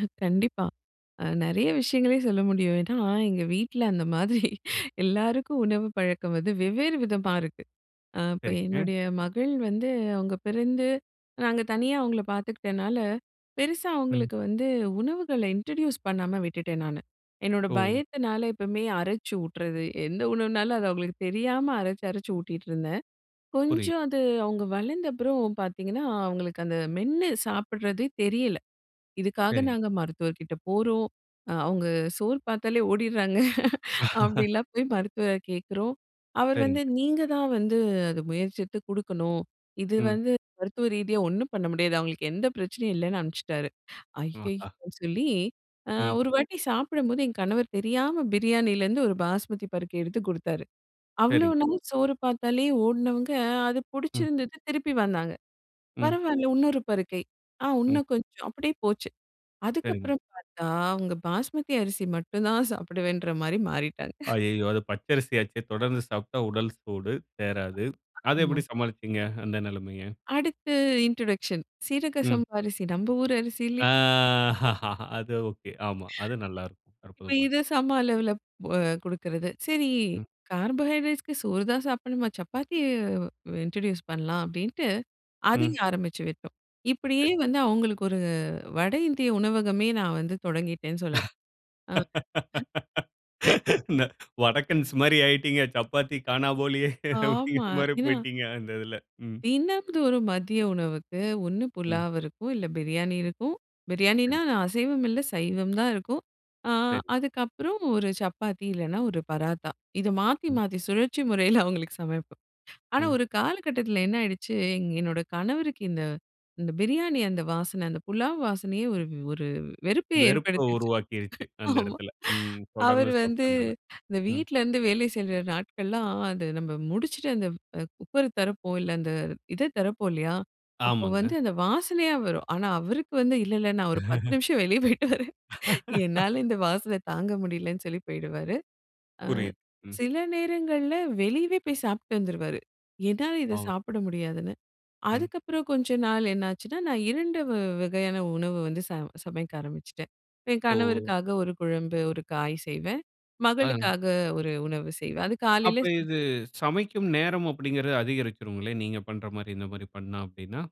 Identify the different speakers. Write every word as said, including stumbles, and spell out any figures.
Speaker 1: அ கண்டிப்பா. அ நிறைய விஷயங்களே சொல்ல முடியும். ஏன்னா, எங்க வீட்ல அந்த மாதிரி எல்லாருக்கும் உணவு பழக்கம் வந்து வெவ்வேறு விதமா இருக்கு. அ இப்ப
Speaker 2: சரிங்க.
Speaker 1: என்னுடைய மகள் வந்து அவுங்க பிறந்து நாங்க தனியா அவுங்கள பார்த்துக்கிட்டனால, பெருசா
Speaker 2: ம்.
Speaker 1: அவுங்களுக்கு வந்து உணவுகள இன்ட்ரோடியூஸ் பண்ணாம விட்டுட்டேன் நானு. என்னோட
Speaker 2: ஓ!
Speaker 1: பயத்தினால எப்பமே அரச்சு ஊட்டுறது. எந்த உணவுனாலும் அத அவுங்களுக்கு தெரியாம அரைச்சு அரச்சு அரச்சு ஊட்டிட்டு இருந்தேன்.
Speaker 2: புரியுது.
Speaker 1: கொஞ்சம் அது அவுங்க வளர்ந்த அப்புறம் பார்த்தீங்கன்னா, அவுங்களுக்கு அந்த மென்னு சாப்பிடறதே தெரியல. இதுக்காக
Speaker 2: சரிங்க.
Speaker 1: நாங்க மருத்துவர்கிட்ட போறோம், அ அவுங்க சோறு பார்த்தாலே ஓடிடுறாங்க. அப்பிடிலாம் போய் மருத்துவர கேட்கறோம். அவர் வந்து,
Speaker 2: சரிங்க.
Speaker 1: 'நீங்க தான் வந்து அது முயற்சித்து குடுக்கணும்." இது
Speaker 2: ம்.
Speaker 1: வந்து மருத்துவ ரீதியா ஒன்னும் பண்ண முடியாது. அவுங்களுக்கு எந்த பிரச்சனையும் இல்லன்னு அனுப்பிச்சிட்டாரு.
Speaker 2: ம், ஆஹா!
Speaker 1: ஐயய்யோ! சொல்லி அ
Speaker 2: ம்.
Speaker 1: ஒரு வாட்டி சாப்பிடும்போது எங்க கணவர் தெரியாம பிரியாணிலருந்து ஒரு பாஸ்மதி பருக்கை எடுத்து கொடுத்தாரு. அவ்ளோ
Speaker 2: சரிங்க.
Speaker 1: நாள் சோறு பார்த்தாலே ஓடுனவங்க அது
Speaker 2: ம்.
Speaker 1: புடிச்சிருந்தது திருப்பி வந்தாங்க.
Speaker 2: ம்.
Speaker 1: பரவால்ல இன்னொரு பருக்கை, ஆ
Speaker 2: ம்.
Speaker 1: இன்னும் கொஞ்சம் அப்டியே போச்சு.
Speaker 2: சரிங்க.
Speaker 1: அதுக்கப்பறம் பார்த்தா அவுங்க பாஸ்மதி அரிசி மட்டும் தான் சாப்பிடுவேன்றமாரி மாறிட்டாங்க.
Speaker 2: அய்யயோ! அது பச்ச அரிசி ஆச்சே! தொடர்ந்து சாப்பிட்டா உடல் சூடு. தேறாது. அத
Speaker 1: ஆமா.
Speaker 2: எப்பிடி சமாளிச்சீங்க. அந்த நிலமைய.
Speaker 1: அடுத்து இன்ட்ரொடக்ஷன் சீரக
Speaker 2: ம்.
Speaker 1: சம்பா அரிசி நம்ம ஊரு அரிசி
Speaker 2: ஆ
Speaker 1: இ
Speaker 2: அது ஒகே. ஆமா. அது நல்லா இருக்கும்.
Speaker 1: இப்ப
Speaker 2: அற்புதமா இருக்கும்.
Speaker 1: இத சம அளவுல அ குடுக்கிறது. சரி
Speaker 2: ம்.
Speaker 1: கார்போஹைட்ரேட்ஸ்க்கு சோறு தான் சாப்பிடணுமா! சப்பாத்தி வ் இன்ட்ரோடியூஸ் பண்லாம் அப்பிடின்னுட்டு
Speaker 2: ம்.
Speaker 1: அதையும் ஆரம்பிச்சு விட்டோம். இப்பிடியே
Speaker 2: சரிங்க.
Speaker 1: வந்து அவுங்களுக்கு ஒரு வட இந்திய உணவகமே நான் வந்து தொடங்கிட்டேன்னு சொல்ல ஆ [unintelligible]
Speaker 2: வடக்கன்ஸ் மாரி ஆயிட்டீங்க. சப்பாத்தி கானாபோலியே
Speaker 1: ஆமா.
Speaker 2: அப்டிங்கிறமாரி
Speaker 1: ஏன்னா
Speaker 2: போயிட்டீங்க. அந்த இதில, ம்.
Speaker 1: தினந்தோறும் மதிய உணவுக்கு ஒண்ணு
Speaker 2: ம்.
Speaker 1: புலாவிருக்கும். இல்ல பிரியாணி இருக்கும். பிரியாணினா
Speaker 2: சரிங்க.
Speaker 1: அசைவம் இல்ல. சைவம் தான் இருக்கும். ஆ
Speaker 2: சரி.
Speaker 1: அதுக்கப்பறம் ஒரு சப்பாத்தி இல்லன்னா ஒரு பராத்தா! இத மாத்தி
Speaker 2: ம்.
Speaker 1: மாத்தி சுழற்சி முறையில அவுங்களுக்கு சமைப்போம். ஆனா,
Speaker 2: ம்.
Speaker 1: ஒரு காலகட்டத்தில என்ன ஆயிடுச்சு, எ என்னோட கணவருக்கு இந்த, இந்த பிரியாணி அந்த வாசனை அந்த புலாவ் வாசனையே ஒரு, ஒரு வெறுப்பு
Speaker 2: வெறுப்ப
Speaker 1: ஏற்படுத்துச்சு.
Speaker 2: உருவாக்கிருச்சு. அந்த
Speaker 1: ஆமா.
Speaker 2: இடத்தில, ம். தொடர்ந்து
Speaker 1: அவரு வந்து
Speaker 2: சாப்பிட்டனால.
Speaker 1: இந்த
Speaker 2: ம்.
Speaker 1: வீட்ல இருந்து வேலை செய்யிற நாட்கள்லாம் அத நம்ம முடிச்சிட்டு அந்த அ குக்கர் திறப்போம் இல்ல. அந்த இத திறப்போம் இல்லயா! அப்போ
Speaker 2: ஆமாங்க.
Speaker 1: வந்து அந்த வாசனையா வரும். ஆனா, அவருக்கு வந்து இல்ல, இல்ல நான் ஒரு பத்து நிமிஷம் வெளிய போயிட்டு வரேன். என்னால இந்த வாசனை தாங்க முடியலன்னு சொல்லி போயிடுவாரு. ஆ
Speaker 2: புரியுது, ம்.
Speaker 1: சில நேரங்கள்ல வெளியவே போய் சாப்பிட்டு வந்துருவாரு. என்னால இத
Speaker 2: ஆ.
Speaker 1: சாப்பிட முடியாதுன்னு.
Speaker 2: ம்.
Speaker 1: அதுக்கப்பறம் கொஞ்ச நாள் என்னாச்சுன்னா, நான் இரண்டு வ வகையான உணவு வந்து ச சமைக்க ஆரம்பிச்சுட்டேன். என்
Speaker 2: ஓ!
Speaker 1: கணவருக்காக ஒரு குழம்பு, ஒரு காய் செய்வேன்.
Speaker 2: ஆ.
Speaker 1: மகளுக்காக ஒரு உணவு செய்வேன். அது
Speaker 2: அப்ப
Speaker 1: காலையில
Speaker 2: இது சமைக்கும் நேரம் அப்பிடிங்கிறது அதிகரிச்சுருங்களே! நீங்க பண்றமாரி இந்தமாரி பண்ணா அப்பிடின்னா?